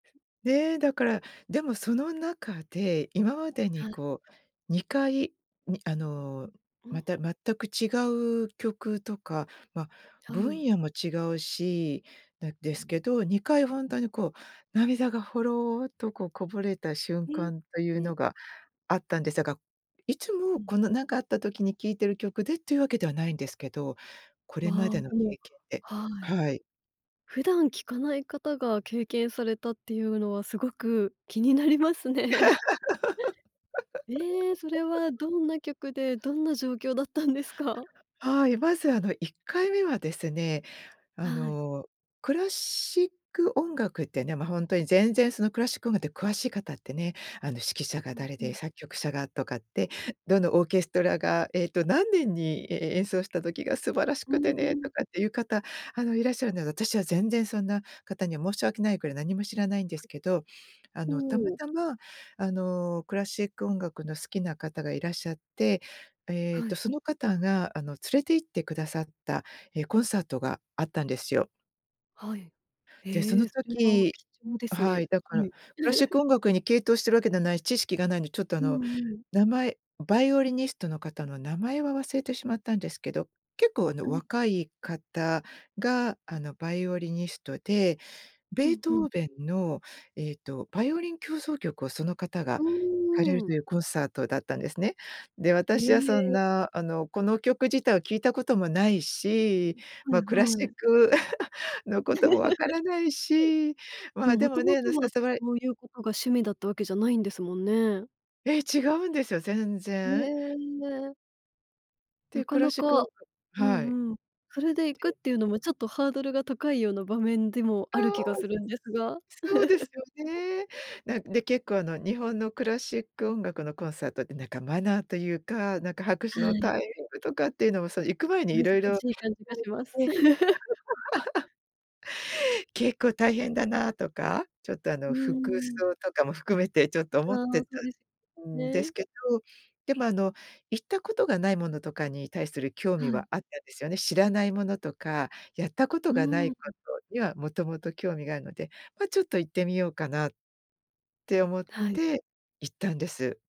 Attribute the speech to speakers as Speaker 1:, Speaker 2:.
Speaker 1: ね、だからでもその中で今まで
Speaker 2: は
Speaker 1: に
Speaker 2: い。
Speaker 1: こう2回、にあの
Speaker 2: うん。
Speaker 1: また全く違う曲とか、ま、
Speaker 2: はい。
Speaker 1: 分野も違うし、な、ですけど2回ほんとにこう、涙がほろっとこう、こぼれた瞬
Speaker 2: え
Speaker 1: 間という
Speaker 2: え。
Speaker 1: のがあったんですが、いつ
Speaker 2: う
Speaker 1: も
Speaker 2: ん。
Speaker 1: この何かあった時に聴いてる曲でっていうわけではないんですけど、これま
Speaker 2: わあ、
Speaker 1: での
Speaker 2: でも
Speaker 1: 経験で。
Speaker 2: はい。
Speaker 1: はい。
Speaker 2: 普段聞かない方が経験されたっていうのはすごく気になりますね。え、それは どんな曲で、どんな状況だったんですか？
Speaker 1: はい、まずあの1回目はですね、あ
Speaker 2: はい。
Speaker 1: の、クラシック音楽ってね、ま、ほんとに全然そのクラシック音楽って詳しい方ってね、あの指揮者が
Speaker 2: うん
Speaker 1: 誰
Speaker 2: う
Speaker 1: で
Speaker 2: ん。
Speaker 1: 作曲者がとかって、どのオーケストラが、えっと、何年に、ええ、演奏した時が素晴らし
Speaker 2: うー
Speaker 1: くてね
Speaker 2: ん。
Speaker 1: とかっていう方、あのいらっしゃるので、私は全然そんな方には申し訳ないくらい何も知らないんですけど。あのたま
Speaker 2: ほう。
Speaker 1: たま、あのクラシック音楽の好きな方がいらっしゃって、えっ
Speaker 2: は
Speaker 1: と、
Speaker 2: い。
Speaker 1: その方があの連れて行ってくださった、ええ、コンサートがあったんですよ。
Speaker 2: はい。
Speaker 1: で、その
Speaker 2: え、それは
Speaker 1: 時
Speaker 2: 貴重です
Speaker 1: は
Speaker 2: ね、
Speaker 1: い、だから、
Speaker 2: はい。
Speaker 1: クラシック 音楽に傾倒しているわけではないし、知識がないので、ちょっとあ
Speaker 2: う
Speaker 1: の
Speaker 2: んうん。
Speaker 1: 名前バイオリニストの方の名前は忘れてしまったんですけど、結構あの
Speaker 2: うん。
Speaker 1: 若い方があのバイオリニストで、
Speaker 2: う
Speaker 1: ベー
Speaker 2: ん
Speaker 1: ト
Speaker 2: うん。
Speaker 1: ーベンのえっとバイオリン協奏曲をその方が
Speaker 2: う
Speaker 1: 弾かれる
Speaker 2: ー
Speaker 1: と
Speaker 2: ん。
Speaker 1: いうコンサートだったんですね。で、
Speaker 2: え
Speaker 1: 私はそん
Speaker 2: え。
Speaker 1: な、あのこの曲自体は聴いたこともないし、
Speaker 2: はい
Speaker 1: ま、クラシ
Speaker 2: は
Speaker 1: ッ
Speaker 2: い。
Speaker 1: ク のことも分か らないし、ま、
Speaker 2: うん、
Speaker 1: で
Speaker 2: も
Speaker 1: も
Speaker 2: とも
Speaker 1: ね、あ
Speaker 2: と
Speaker 1: の
Speaker 2: は
Speaker 1: 誘われ
Speaker 2: そういうことが趣味だったわけじゃないんですもんね。
Speaker 1: ええ、違うんですよ、全
Speaker 2: へ
Speaker 1: 然。
Speaker 2: え。な
Speaker 1: で、
Speaker 2: か
Speaker 1: クラ
Speaker 2: な
Speaker 1: シックおん
Speaker 2: か、
Speaker 1: が
Speaker 2: う
Speaker 1: はい。
Speaker 2: んうん。それで行く
Speaker 1: そ
Speaker 2: っ
Speaker 1: う。
Speaker 2: ていうのもちょっとハードルが高いような場面でも
Speaker 1: あ
Speaker 2: ある気が
Speaker 1: あ。
Speaker 2: するんですが。
Speaker 1: そうですよ ね。なんで結構あの日本のクラシック音楽のコンサートってなんかマナーというか、なんか拍手
Speaker 2: は
Speaker 1: の
Speaker 2: い。
Speaker 1: タイミングとかっていうのも、その行く前にい
Speaker 2: 難
Speaker 1: ろいろ
Speaker 2: しい感じ
Speaker 1: [unintelligible] さ
Speaker 2: が
Speaker 1: れ
Speaker 2: します。
Speaker 1: て。結構大変だなとか、ちょっとあ
Speaker 2: うー
Speaker 1: の服
Speaker 2: ん。
Speaker 1: 装とかも含めてちょっと思っ
Speaker 2: あ、
Speaker 1: てた
Speaker 2: そうですよ
Speaker 1: んです
Speaker 2: ね。
Speaker 1: けど、でもあの行ったことがないものとかに対する興味
Speaker 2: はい。
Speaker 1: はあったんですよね。知らないものとか、やったこ
Speaker 2: う
Speaker 1: とがな
Speaker 2: ー
Speaker 1: いこ
Speaker 2: ん。
Speaker 1: とにはもともと興味があるので、ま、ちょっと行ってみようかなって思っ
Speaker 2: はい。
Speaker 1: て行ったんです。